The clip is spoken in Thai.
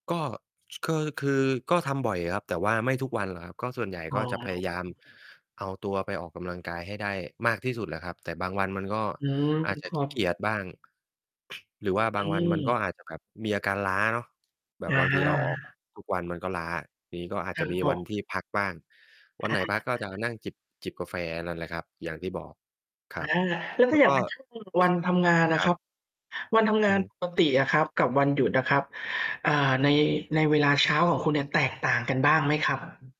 ก็ คือ คือก็ทำบ่อยครับ แต่ว่าไม่ทุกวันครับ ก็ส่วนใหญ่อ๋ก็จะพยายามอ เอาตัวไปออกกำลังกายให้ได้มากที่สุดแหละครับ แต่บางวันมันก็อืม อาจจะ ครขัี้เกบ ียจ บ้าง หรือว่าบอืางวันมันก็ม อาจจะ แบบ มีอาการล้าเนาะ แบอบบางทีเราออก า ทุก วันมันก็ล้า ทีนี้ก็อาจจะมีวันที่พักบ้าง วันอไหา นพักก็จะนั่งจิบ จิบกาแฟนั่นแหละครับ อย่างที่บอก คอรัา บ แล้วแถล้้วาอย่กา็ งเป็นช่วง วันทำงานอคะรัครบ ับ วันทำงอืาอนฮึ ปกติอะครับกับวันหยุดอะครับ เอ่อ ใน ในเวลาเช้าของคุณเนี่ยแตกต่างกันบ้างไหมครับ?